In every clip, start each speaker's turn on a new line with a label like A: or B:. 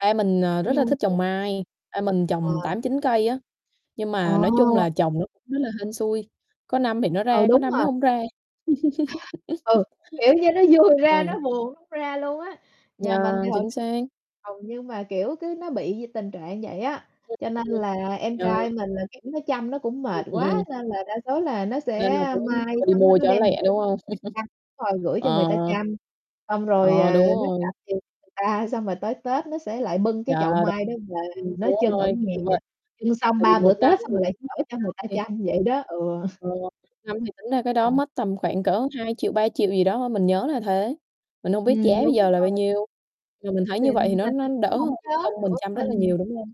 A: Ba mình, ờ, rất là thích trồng
B: [unintelligible]
A: mai, ba mình
B: Ờ.
A: trồng 8,9 cây á, nhưng
B: Ờ.
A: mà nói chung là trồng nó cũng rất là hên xui, có năm thì nó
B: Ừ,
A: ra, có
B: đúng
A: năm
B: rồi.
A: nó hông ra.
B: Ừ, kiểu như nó vui
A: Ờ.
B: ra nó buồn không ra luôn á. Nhà mình
A: Yeah,
B: thì hầu
A: chính xác.
B: hầu như mà, kiểu, cứ nó bị gì tình trạng vậy á.
A: Ừm,
B: Cho nên là em
A: ừm, ờ.
B: trai mình là, kiểu, nó chăm nó cũng
A: Ừm,
B: mệt
A: ừ,
B: quá
A: ừm.
B: nên là đa số là nó sẽ
A: Nên là cứ
B: mai
A: thôi đi
B: xong nó
A: mua
B: nó
A: cho nó
B: đem
A: lẹ,
B: gửi
A: đúng hông?
B: [unintelligible] chăm, rồi gửi cho người
A: Ờ.
B: ta chăm, xong rồi,
A: Ờ,
B: ờ,
A: đúng
B: nó trả
A: rồi.
B: tiền cho người ta, xong rồi tới Tết nó sẽ lại bưng cái chậu
A: Yeah, đ
B: mai đó về,
A: ừm,
B: nó
A: đúng
B: trưng ở
A: rồi,
B: nhà,
A: kiểu vậy.
B: trưng xong
A: Tại vì
B: 3 bữa
A: một năm
B: tết
A: thì
B: xong rồi lại
A: tính ra
B: chở
A: cây
B: cho người
A: non
B: ta
A: thì
B: chăm vậy đó, ừ.
A: Ờ, năm thì tính ra cái đó
B: [unintelligible]
A: mất tầm khoảng cỡ 2.000.000, 3.000.000 gì đó thôi, mình nhớ là thế, mình hông biết
B: Ừm,
A: giá bây
B: đúng
A: giờ là bao
B: rồi.
A: nhiêu, mà mình thấy
B: Thì
A: như
B: mà
A: vậy thì nó nó
B: mình
A: đỡ
B: cũng
A: hơn
B: hổng nhớ
A: công mình
B: nữa,
A: chăm rất là
B: mình
A: nhiều, đúng hông?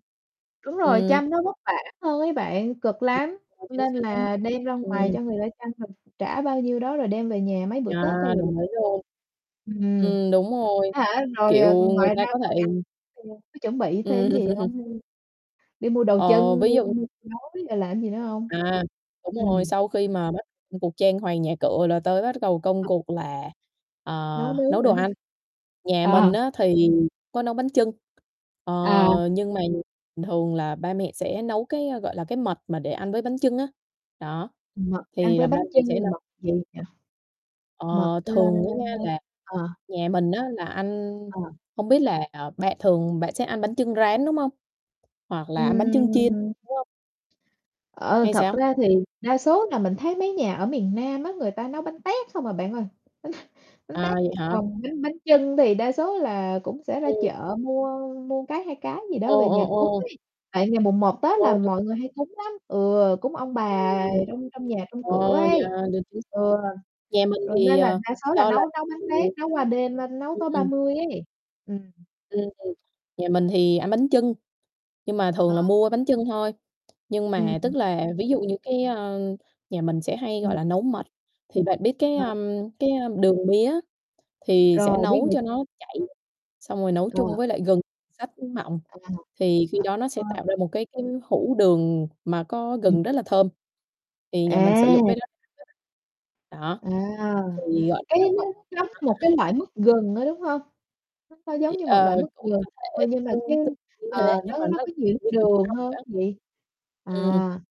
B: Đúng rồi,
A: Ừm.
B: chăm nó vất vả hơn ấy bạn, cực lắm,
A: [unintelligible] Chính
B: nên
A: xác,
B: là đem ra ngoài
A: ừm.
B: cho người ta chăm rồi mình trả bao nhiêu đó rồi đem về nhà mấy bữa
A: Yeah,
B: Tết thôi là được
A: đồng ý
B: rồi,
A: luôn.
B: ừm,
A: Ừm, đúng rồi,
B: á hả, rồi,
A: kiểu,
B: ờ,
A: người
B: ngoài
A: ta
B: ra
A: có
B: còn
A: thể
B: ăn [unintelligible] có chuẩn bị thêm
A: Ừm.
B: gì hông? Đi mua đồ
A: Ờ,
B: trưng,
A: ví
B: mua
A: dụ
B: mua gói, rồi làm cái gì nữa hông?
A: À, đúng rồi,
B: Ừm.
A: sau khi mà bắt ừm, cuộc trang hoàng nhà cửa là tới bắt gầu công cuộc là, ờ,
B: Nấu
A: nấu
B: nướng hả?
A: đồ ăn. Nhà
B: Ờ.
A: mình á thì có nấu bánh chưng,
B: À.
A: ờ, nhưng mà thường là ba mẹ sẽ nấu, cái, a, gọi là, cái, mật mà để ăn với bánh chưng á, đó,
B: Mật ăn
A: thì
B: với
A: là ba
B: bánh
A: mình sẽ
B: chưng là
A: nấu.
B: mật gì nhỉ? Mật,
A: Ờ,
B: ơ,
A: thường á nha là
B: ờ.
A: nhà mình á là ăn
B: Ờ.
A: hông biết là, à, bạn thường bạn sẽ ăn bánh chưng rán, đúng hông? Hoặc là ăn bánh chưng chiên,
B: Ừm.
A: đúng hông?
B: Ờ,
A: Hay
B: thật
A: sao?
B: ra thì đa số là mình thấy mấy nhà ở miền Nam á, người ta nấu bánh tét không à bạn ơi. bánh
A: À,
B: tét,
A: vậy hả?
B: còn bánh bánh chưng thì đa số là cũng sẽ ra
A: Ừm.
B: chợ mua mua cái, 2 cái gì đó
A: Ồ,
B: về
A: ồ,
B: nhà cúng
A: ồ.
B: ấy. Tại ngày mùng một Tết
A: Ờ,
B: là
A: được.
B: mọi người hay cúng lắm, ừ, cúng ông bà
A: Ừm.
B: trong trong nhà trong
A: Ờ,
B: cửa ấy.
A: yeah, được chứ.
B: Ừ,
A: Nhà mình
B: rồi
A: thì,
B: nên là
A: ờ,
B: đa số là
A: do
B: nấu
A: là,
B: nấu bánh tét,
A: kiểu
B: nấu qua đêm, ơ, nấu
A: ừm,
B: tối ba
A: ừm.
B: mươi ấy. Ừm.
A: Ừm, ừm. Nhà mình thì ăn bánh chưng, nhưng mà thường là
B: Ờ.
A: mua bánh chưng thôi, nhưng
B: Ừm.
A: mà tức là ví dụ như cái, a, nhà mình sẽ hay, gọi
B: Ừm.
A: là, nấu mật, thì bạn biết, cái,
B: Ờ.
A: a, cái, a, đường mía thì sẽ
B: Rồi, biết
A: nấu
B: được
A: cho nó chảy, xong rồi nấu
B: Ờ.
A: chung với lại gừng xắt mỏng,
B: À,
A: thì khi đó nó sẽ
B: [unintelligible]
A: tạo ra một cái cái hũ đường mà có
B: Ừm.
A: gừng rất là thơm. Thì nhà mình sử dụng
B: À.
A: cái đó. [unintelligible] Đó,
B: À,
A: thì gọi
B: cái đó
A: [unintelligible] đó.
B: nó giống một cái loại mứt gừng á, đúng hông? Nó hơi
A: Thì,
B: giống như một
A: ờ,
B: loại mứt
A: cũng
B: gừng
A: có
B: thôi
A: thể
B: nhưng mà, cái
A: tương tự như
B: ờ,
A: thế, nhưng
B: nó
A: mà
B: nó nó
A: nó
B: có nhiều nước
A: như kiểu nó
B: đường
A: [unintelligible]
B: hơn
A: á.
B: gì?
A: Ừm.
B: À.